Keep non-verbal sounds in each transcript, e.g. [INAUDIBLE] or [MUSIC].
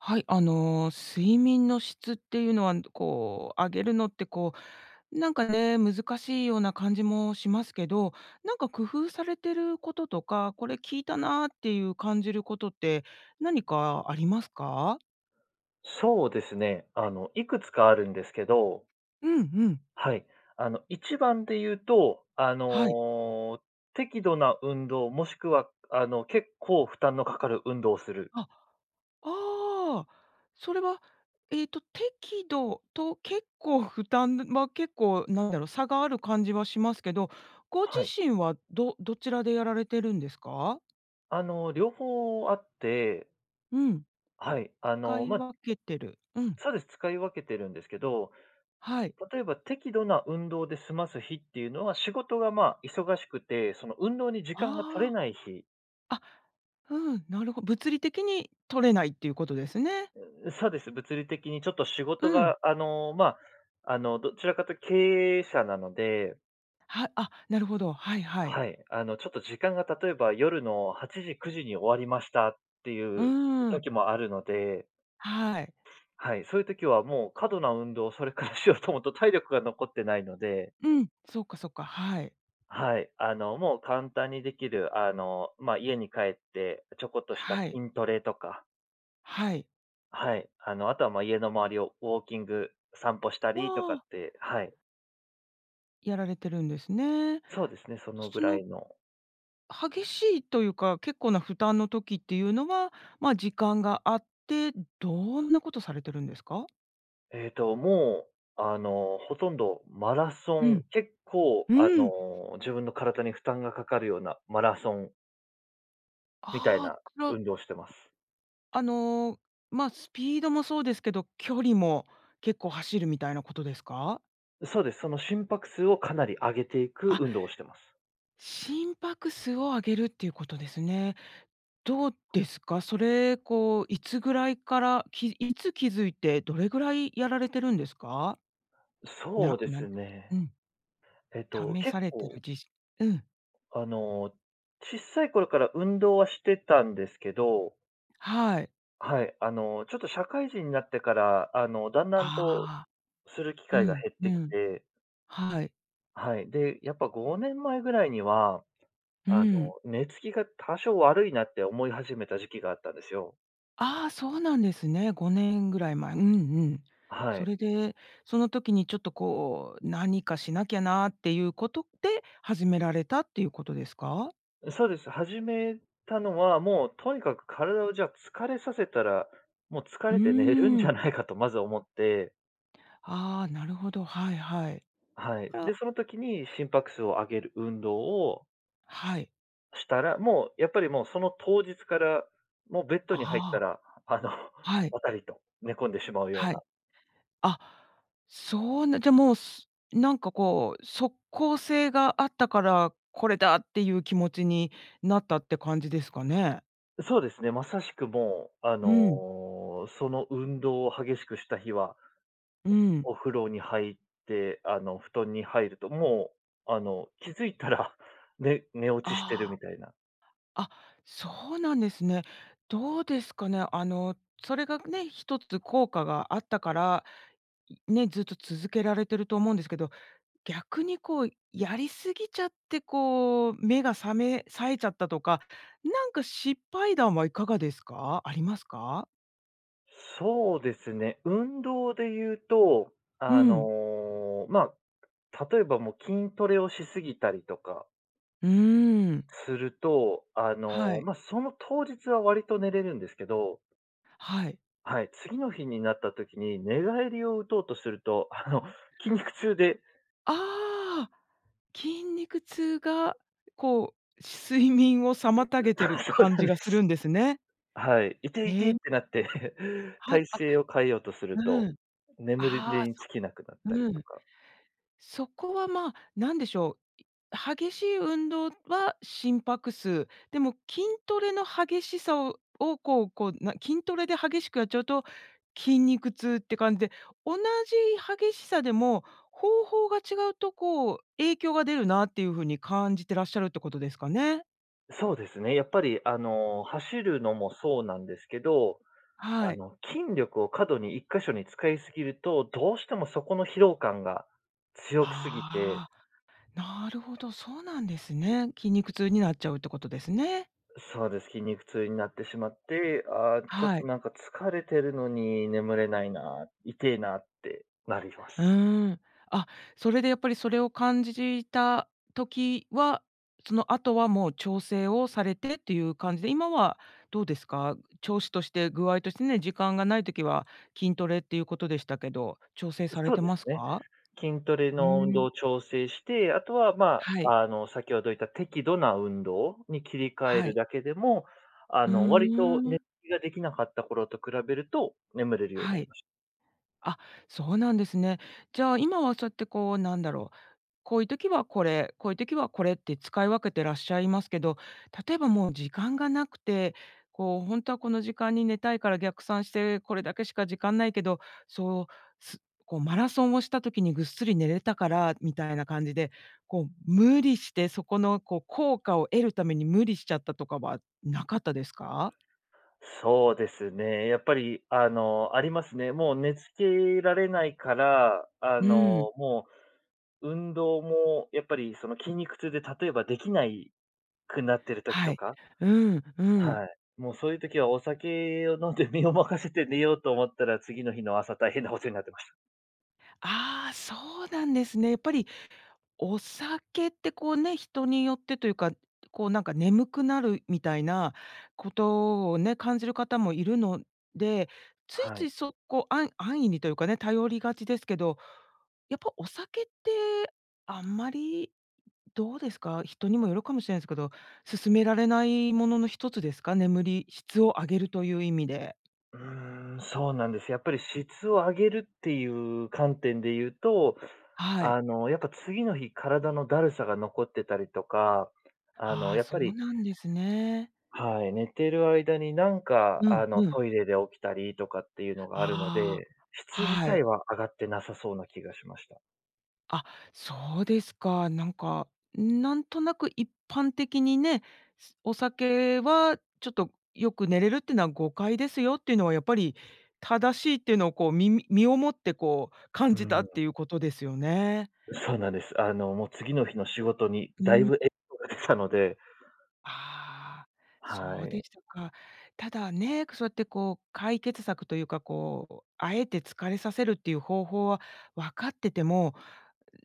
はい、あの、睡眠の質っていうのは、ん、どこう、上げるのって、こう、なんかね、難しいような感じもしますけど、なんか工夫されてることとか、これ効いたなっていう感じることって、何かありますか？そうですね、あの、いくつかあるんですけどうんうん。はい。あの、一番で言うと、あはい。の、適度な運動、もしくは、くあの、結構負担のかかる運動する。あ、ああ、それはえっと適度と、結構負担、ぬま、結構、なんだろう、差がある感じはしますけど、ご自はい。身はどどちらでやられてるんですか？あの、両方あってうん。はい。あかの、いま分けてる。うん。そうです、使い分けてるんですけど、はい。例えば適度な運動で済ます日っていうのは、仕事がまあ、忙しくて、その、運動に時間が取れあない日あ。あ、ふん、なるほ物理的に取れないっていうことですね。うーん、うそうです、物理的にちょっと仕事うん。が、あの、まあ、あの、どちらかと経営者なのではあ、なるほど。はいはい。はい。あの、ちょっと時間が、例えば夜の8時、9時に終わりましたってういうーん。時もあるのではい。はい、そういう時はもう、過度な運動それからしようと思うと、体力が残ってないのでうん、そうか、そっか、はい。はい。あの、もう簡単に出来る、あの、ま、家に帰ってちょこっとしたはい。筋トレとかはい。はい、あの、あとはまあ、家の周りをウォーキング散歩したわりとかっあ。て、はい。やられてるんですね。そうですね、そのすぐそらのいの。激しいというか、結構な負担の時っていうのは、まあ、時間があって、どんなことされてるんですか？えっと、もう、あの、ほとんどマラソうンん。結構、うあーん。の、自分の体に負担がかかるような、マラソンみたいああ、なくろ運動してます。あの、ま、スピードもそうですけど、距離も結構走るみたいなことですか？う、そうです。その、心拍数をかなり上げていくあ運動をしてます。心拍数を上げるっていうことですね。どうですか、それ、こう、いつぐらいから、きいつ気付いて、どれぐらいやられてるんですか？そなうでなんすうね。ん。えっと、試結されてる構じしうん。あの、小さい頃から運動はしてたんですけどはい。はい。あの、ちょっと社会人になってから、あの、段々とああ。する機う会がん、減っうてきん。て。はい。はい。で、やっぱ5年前ぐらいには、うーあの、ん。寝つきが多少悪いなって思い始めた時期があったんですよ。ああ、そうなんですね。5年ぐらい前。うんうん。あ、はそれい。で、その時にちょっと、こう、何かしなきゃなっていうことで始められたっていうことですか？う、そうです。始めたのは、もうとにかく体を、じゃあ、疲れさせたら、もう疲うーれて寝れるんじん。ゃないかとまず思って。ああ、なるほど。はいはい。あ、はい。これはで、その時に心拍数を上げる運動をはい。したら、もう、やっぱりもう、その当日から、もうベッドに入っあたあ。ら、あの、はい。ばたりと寝込んでしまうようはな。い。あ、そうなじゃ、もう、すなんか、こう、即効性があったから、これだっていう気持ちになったって感じですかね。ん、そうですね、まさしく、もう、あうん。の、その運動を激しくした日はう [UNINTELLIGIBLE] ん。お風呂に入って、あの、布団に入るともう、あの、気づいたら、ね寝落ちしてるあみたいな。あ、あ、そうなんですね。どうですかね、あの、それがね、1つ効果があったから、う、ね、ずっと続けられてると思うんですけど、逆に、こう、やりすぎちゃって、こう、目が覚め冴えちゃったとか、なんか失敗談はいかがですか？ありますか？そうですね、運動で言うと、うあん。の、ま、例えばもう筋トレをし過ぎたりとかうーん。すると、あはの、い。ま、その当日はわりと寝れるんですけどはい。はい、次の日になった時に寝返りを打とうとすると、あの、筋肉痛でああ、筋肉痛が [UNINTELLIGIBLE] こう、睡眠を妨げ [UNINTELLIGIBLE] てあ、るそう感なんじでがするす。んですね。はい、いていてっね。てなって [CHUCKLES] はい、体あ勢を変えようとするうと、ん。眠りああ、にそ就けなくなったりうとん。か。そこは、ま、なんでしょう、激しい運動は心拍数。でも筋トレの激しさをを、こうこう、筋トレで激しくやっちゃうと、筋肉痛って感じで、同じ激しさでも、方法が違うとこう、影響が出るなっていう風に感じてらっしゃるってことですかね。そうですね、やっぱりあの、走るのもそうなんですけど、あはい。の、筋力を過度に1箇所に使いすぎると、どうしてもそこの疲労感が強くすぎてああ、なるほど、そうなんですね。筋肉痛になっちゃうってことですね。そうです。筋肉痛になってしまって、あ、ちょっはとい。なんか疲れてるのに眠れないな、いてえなってなりまうす。ん。あ、それでやっぱりそれを感じじた時は、その後はもう調整をされてっていう感じで、今はどうですか？調子として、具合としてね、時間がない時は、筋トレっていうことでしたけど、調整うされそうてでますすね。か？筋トレうの運動ん。を調整して、あとは、まはい。あ、あの先ほど言った適度な運動に切り替えはるい。だけでも、あうの、割と寝ん。きができなかった頃と比べると眠れるようになはりい。ましあ、そうなんですね。じゃあ今はそうやってこう、なんだろう、こういう時はこれ、こういう時はこれって使い分けてらっしゃいますけど、例えばもう時間がなくて、こうほんとはこの時間に寝たいから逆算して、これだけしか時間ないけど、そう、すこうマラソンをした時にぐっすり寝れたから、みたいな感じで、こう、無理してそこの、こう効果を得るために無理しちゃったとかはなかったですか？そうですね、やっぱりあの、ありますね。もう寝付けられないから、あうん。の、もう、運動もやっぱりその筋肉痛で例えばできないくなってる時はとい。か。うん、うん。はい。もうそういう時はお酒を飲んで身を任せて寝ようと思ったら、次の日の朝大変なことになってました。ああ、そうなんですね。やっぱり、お酒ってこうね、人によってというか、こうなんか、眠くなるみたいな、ことをね、感じる方もいるので、ついはつい。い、そこあん安易にというかね、頼りがちですけど、やっぱお酒って、あんまり、どうですか？人にもよるかもしれないすけど、勧められないものの1つですか？眠り、質を上げるという意味で。うーん、そうなんです。やっぱり質を上げるっていう観点で言うと、はい。あのやっぱ、次の日、体の怠さが残ってたりとか、あはのあ、やっそぱうりなんですね。はい、寝てる間になんかうんあの、うん。トイレで起きたりとかっていうのがあるので、ああ、質自は体い。は上がってなさそうな気がしました。あ、そうですか。なんか、ん、なんとなく一般的にね、すお酒は、ちょっとよく寝れるっていうなは誤解ですよっていうのはやっぱり、正しいっていうのをこう、みみ身をもってこう、感うーじたっん。ていうことですよね。うそうなんです。あの、もう次の日の仕事に、う大分影ん。響が出たのでああ、はそうでい。したか。ただね、くそうやってこう、解決策というか、こう、敢えて疲れさせるっていう方法はわかってても、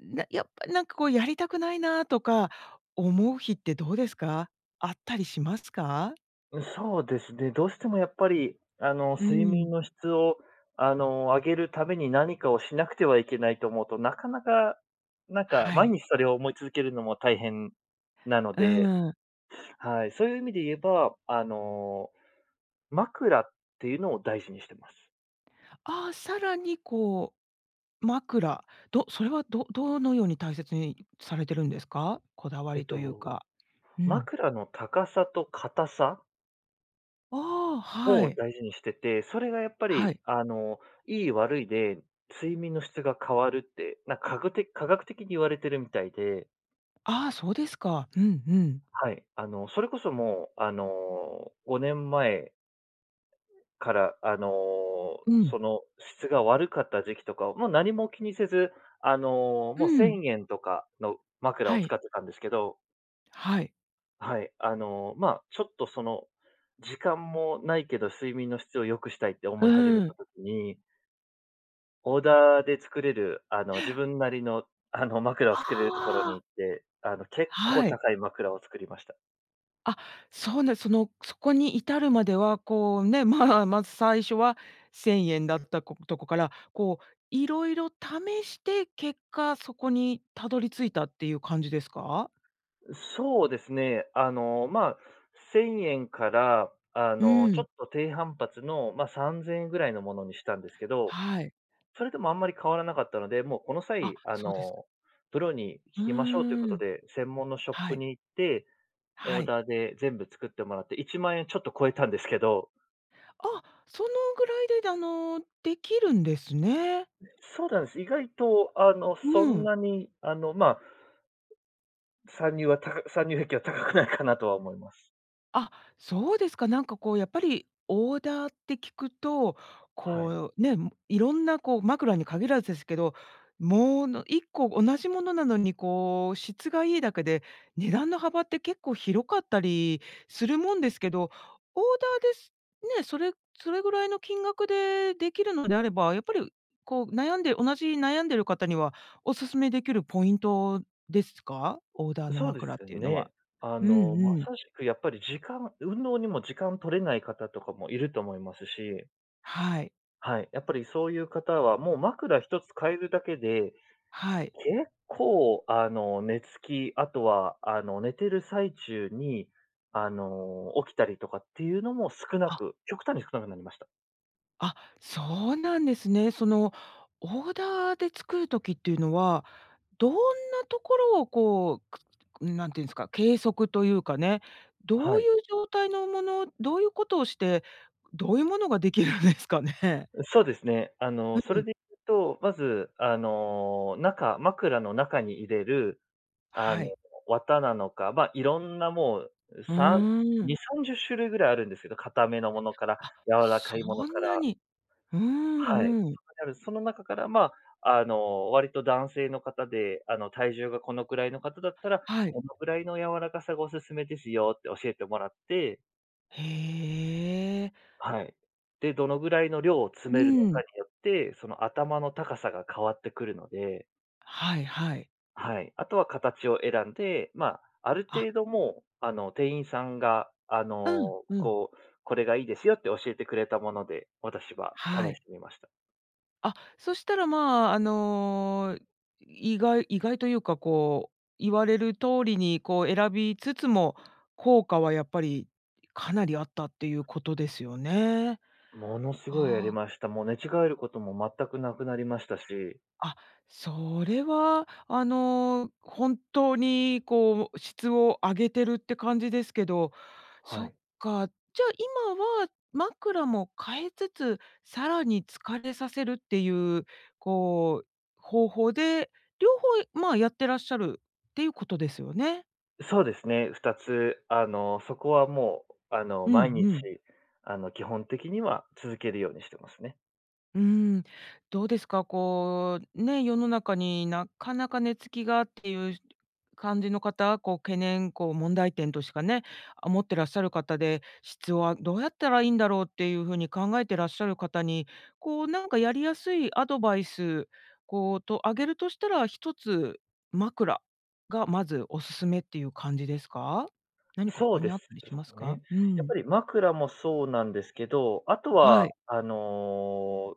なやっぱりなんか、こうやりたくないなとか思う日ってどうですか。あったりしますか？うん、そうですね。どうしてもやっぱり、あの、うー睡ん。眠の質を、あの、上げるために何かをしなくてはいけないと思うと、なかなか、なんか、は毎い。日それを思い続けるのも大変なのうでーん。はい、そういう意味で言えば、あの、枕っていうのを大事にしてます。ああ、さらに、こう、枕。どそれはどどのように大切にされてるんですか？こだわえっりと言うと、か。うん。枕の高さと硬さああ、はをい。大事にしてて、それがやっぱはり、い。あの、いい悪いで睡眠の質が変わるって、なんかぐて科学的に言われてるみたいで。ああ、そうですか。うんうんはい。あの、それこそもう、あの、5年前から、あの、うそん。の、質が悪かった時期とかは、もう何も気にせず、あの、うーもうせん。んえんとかの枕はを使い。ってたんですけど。はい。はい。あの、まあ、ちょっと、その、時間もないけど、睡眠の質を良くしたいってう思い始めーたん。時にオーダーで作れる、あの、自分なりの、あの、枕を作あれるところにあ。行って、あの、結構はい。高い枕を作りました。あ、そうなその、そこに至るまでは、こう、ね、まあ、まず最初は、1000円だったことこから、こう色々試して、結果そこに辿り着いたっていう感じですか？う、そうですね、あの、まあ、1000円から、あうの、ちょん。っと低反発の、ま、3000円ぐらいのものにしたんですけど、はい。それでもあんまり変わらなかったので、もうこのあ、際、あそうですの、プロにう聞きましょうというこーとん。で、専門のショッはプい。に行って、オはーい。ダーで全部作ってもらって、10000円ちょっと超えたんですけど。あ、そのぐらいでだあの、出来るんですね。そうなんす。意外とあの、そうんん。なにあの、まあ参入はたか参入壁は高くないかなとは思います。あ、そうですか、なんかこう、やっぱり、オーダーって聞くと、はい。こう、ね、ん、色んなこう、枕に限らずですけど、もうの、1個同じものなのに、こう、質がいいだけで、値段の幅って結構広かったりするもんですけど、オーダーで、すね、それそれぐらいの金額で出来るのであれば、やっぱり、こう悩んで同じ悩んでる方には、お勧めできるポイントですか？オーダーのそうで枕っすていうのは。ね。あうんの、まうん。さしく、やっぱり時間運動にも時間取れない方とかも居ると思いますし。はい。はい、やっぱりそういう方は、もう枕1つ変えるだけで、はい。結構あの、寝つき、あとは、あの、寝てる最中に、あの、起きたりとかっていうのも少なあく極端に少なくなりました。あ、そうなんですね。その、オーダーで作る時っていうのは、どんなところをこう、くうん、何て言うんすか、計測というかね、どはういい。う状態のものどういうことをして、どういうものが出来るんですかね。うそうですね。あの、うそうれん。で言うと、まず、あの、中、枕の中に入れる、はあの、い。綿なのか、ま、色んなもう、ううさーんん。2、30種類ぐらいあるんですけど、硬めのものから、あ、柔らそかいものかんなら。に。うはい。んうん。そんだけあるその中から、まあ、あの、「割と男性の方で、あの、体重がこのくらいの方だったら、はい。このぐらいの柔らかさがおすすめですよ」って教えてもらって。へえ。はい。で、どのぐらいの量を詰うめるのかん。によって、その頭の高さが変わってくるので。はいはい。はい、あとは形を選んで、ま、あるあ。程度もうあの、店員さんがあうん、の、うん。こう、「これがいいですよ」って教えてくれたもので、私は試はい。してみました。あ、そしたら、まあ、あの、意外意外というかこう、言われる通りにこう選びつつも、効果はやっぱりかなりあったっていうことですよね。ものすごいありはあ。ました。もう寝違えることも全くなくなりましたし。あ、それはあのほんとにこう、質を上げてるって感じですけど。そはっい。か、じゃ今は、枕も変えつつ、さらに疲れさせるっていう、こう、方法で、両方、まあ、やってらっしゃるっていうことですよね？うそうですね、2つ、あの、そこはもう、あの、うん毎日うん。あの、基本的には続けるようにしてますね。うーん。どうですか、こう、ね、世の中になかなか寝付きがっていう感じの方、こう懸念、こう問題点としかね、あ、持ってらっしゃる方で、質はどうやったらいいんだろうっていう風に考えてらっしゃる方に、こうなんかやりやすいアドバイス、こう、と、上げるとしたら、1つ枕がまずおすすめっていう感じですか？何かそう他でにあっすたりしますか？ね。うやっん。ぱり枕もそうなんですけど、あとはは、い。あの、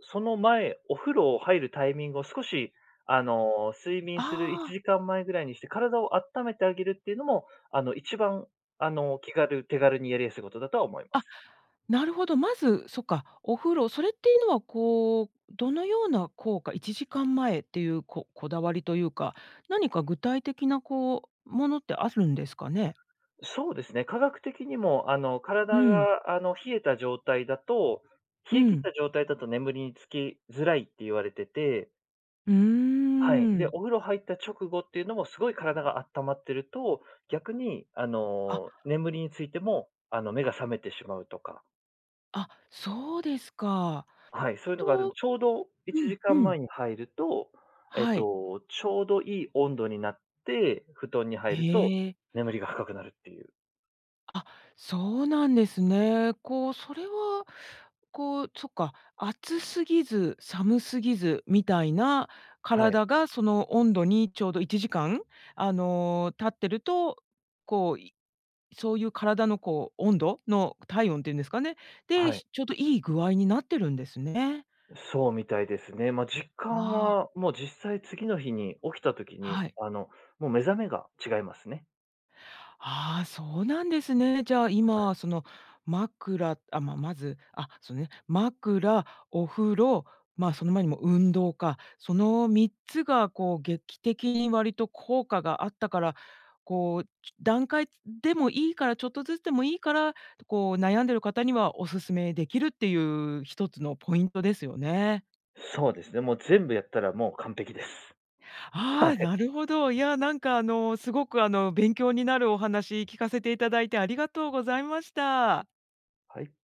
その前、お風呂を入るタイミングを少し、あの、睡眠あするいちあ。じかん前ぐらいにして体をあっためてあげるっていうのも、あの、一番あの、気軽、手軽にやりやすいことだとは思いまあ、す。なるほど、まず、そっか、お風呂。それっていうのはこう、どのような効果1時間前っていうここだわりというか、何か具体的なこう、ものってあるんですかね？え、そうですね、科学的にもあの、う体ん。が、あの、冷えた状態だと、う冷え切ったん。状態だと眠りにつきづらいって言われてて。うーはい。で、ん。お風呂入った直後っていうのも、凄い体があったまってると、逆に、ああ。の、眠りについても、あの、目が覚めてしまうとか。あ、そうですか。あ、はい。そういうのがあるんとちょうどいうちんじかうん前ん。に入ると、えっはい。と、ちょうどいい温度になって、布団に入るとええ。眠りが深くなるっていう。あ、そうなんですね。こう、それは、こうそっか、暑すぎず寒すぎずみたいなはい。体が、その温度にちょうど1時間、あの、経ってると、こういそういう体の、こう、温度の体温って言うんですかね、あ、で、はい。しちょうどいい具合になってるんですね。ん、そうみたいですね。まあ、実感ああ。は、もう実際次の日に起きた時に、はい。あの、もう目覚めが違いますね。ああ、そうなんですね。じゃあ、[UNINTELLIGIBLE] 今、その枕あ、ま、まずあ、そうね、枕、お風呂、まあ、その前にも運動か、その3つが、こう、劇的に割と効果があったから、こう、ち段階でもいいから、ちょっとずつでもいいから、こう、悩んでる方にはお勧め出来るっていう1つのポイントですよね。そうですね、もう全部やったら、もう完璧です。はああ、い。なるほど。いや、なんか、あの、凄く、あの、勉強になるお話聞かせて頂いて、ありがとうございました。はい。